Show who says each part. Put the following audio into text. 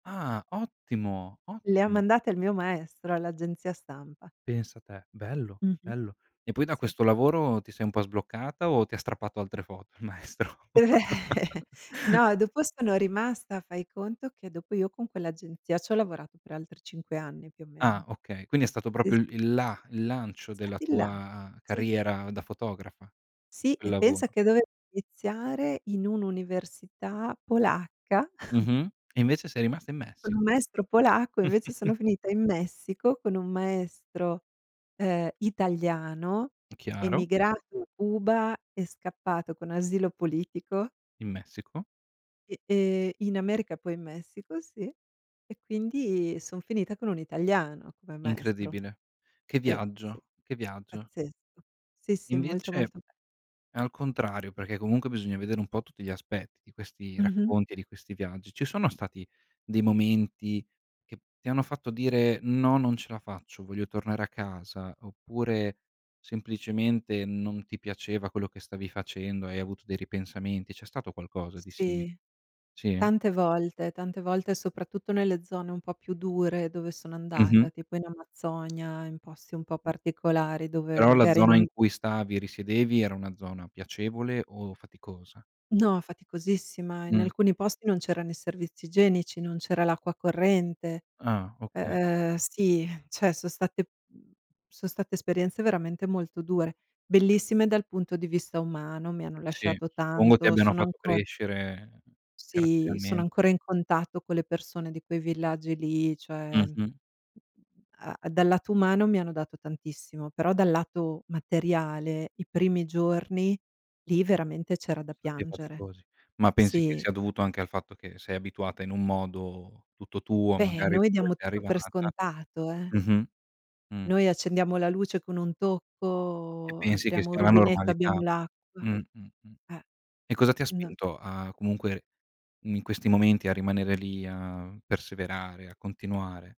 Speaker 1: Ah, ottimo,
Speaker 2: Le ho
Speaker 1: ottimo.
Speaker 2: mandate al mio maestro, all'agenzia stampa.
Speaker 1: Pensa te, bello,
Speaker 2: Mh-mh.
Speaker 1: bello. E poi da
Speaker 2: Sì.
Speaker 1: questo lavoro ti sei un po' sbloccata o ti ha strappato altre foto il maestro?
Speaker 2: No, dopo sono rimasta, fai conto che dopo io con quell'agenzia c'ho lavorato per altri 5 anni, più o
Speaker 1: Ah
Speaker 2: meno.
Speaker 1: okay, quindi è stato
Speaker 2: E
Speaker 1: proprio il
Speaker 2: s
Speaker 1: il la il lancio della
Speaker 2: Stati là,
Speaker 1: tua
Speaker 2: sì.
Speaker 1: carriera da fotografa.
Speaker 2: Sì,
Speaker 1: Il
Speaker 2: e pensa
Speaker 1: lavoro.
Speaker 2: che dovevo iniziare in un'università polacca
Speaker 1: Mh-mh. E invece sei rimasta in
Speaker 2: con
Speaker 1: Messico.
Speaker 2: un maestro polacco, invece sono finita in Messico, con un maestro, ehm, italiano
Speaker 1: Chiaro.
Speaker 2: emigrato Cuba e scappato con asilo politico
Speaker 1: In Messico.
Speaker 2: e, ehm, in America, poi in Messico, sì. E quindi son finita con un italiano come maestro.
Speaker 1: Incredibile, che
Speaker 2: Sì, sì,
Speaker 1: viaggio, che viaggio.
Speaker 2: pazzesco. Sì, sì, molto,
Speaker 1: Invece,
Speaker 2: molto be
Speaker 1: al contrario, perché comunque bisogna vedere un po' tutti gli aspetti di questi
Speaker 2: Mh-mh.
Speaker 1: racconti e di questi viaggi, ci sono stati dei momenti che ti hanno fatto dire: “No, non ce la faccio, voglio tornare a casa”, oppure semplicemente non ti piaceva quello che stavi facendo e hai avuto dei ripensamenti? C'è stato qualcosa di simi
Speaker 2: Sì,
Speaker 1: sì?
Speaker 2: tante volte, tante volte soprattutto nelle zone un po' più dure dove sono andata,
Speaker 1: Mh-mh.
Speaker 2: tipo in Amazzonia, in posti un po' particolari, dove
Speaker 1: Però la
Speaker 2: magari
Speaker 1: zona
Speaker 2: non
Speaker 1: in cui stavi, risiedevi, era una zona piacevole o faticosa?
Speaker 2: No, faticosissima. In
Speaker 1: Mh.
Speaker 2: alcuni posti non c'erano i servizi igienici, non c'era l'acqua corrente.
Speaker 1: Ah,
Speaker 2: U
Speaker 1: oka
Speaker 2: uhm, sì, cioè so' state so' state esperienze veramente molto dure. Bellissime dal punto di vista umano, mi hanno
Speaker 1: Sì,
Speaker 2: lasciato
Speaker 1: suppongo ti
Speaker 2: tanto,
Speaker 1: abbiano
Speaker 2: sono
Speaker 1: fatto
Speaker 2: anco
Speaker 1: crescere
Speaker 2: Sì, sono
Speaker 1: caratterialmente.
Speaker 2: ancora in contatto con le persone di quei villaggi lì, cioè,
Speaker 1: Mh-mh.
Speaker 2: a dal lato umano mi hanno dato tantissimo, però dal lato materiale i primi giorni lì veramente c'era da
Speaker 1: Son stati
Speaker 2: piangere.
Speaker 1: faticosi. Ma pensi che
Speaker 2: Sì.
Speaker 1: sia dovuto anche al fatto che sei abituata in un modo tutto tuo,
Speaker 2: Beh,
Speaker 1: magari
Speaker 2: noi
Speaker 1: da dove
Speaker 2: diamo
Speaker 1: sei
Speaker 2: tutto per
Speaker 1: arrivata
Speaker 2: scontato, eh.
Speaker 1: mh-mh. Mh.
Speaker 2: Noi accendiamo la luce con un
Speaker 1: E
Speaker 2: tocco,
Speaker 1: pensi che
Speaker 2: apriamo
Speaker 1: sia la
Speaker 2: rubinetto e abbiamo
Speaker 1: normalità. Mh,
Speaker 2: l'acqua.
Speaker 1: mh, mh.
Speaker 2: Eh.
Speaker 1: E cosa ti ha
Speaker 2: No
Speaker 1: spinto a comunque, in questi momenti, a rimanere lì a perseverare, a continuare?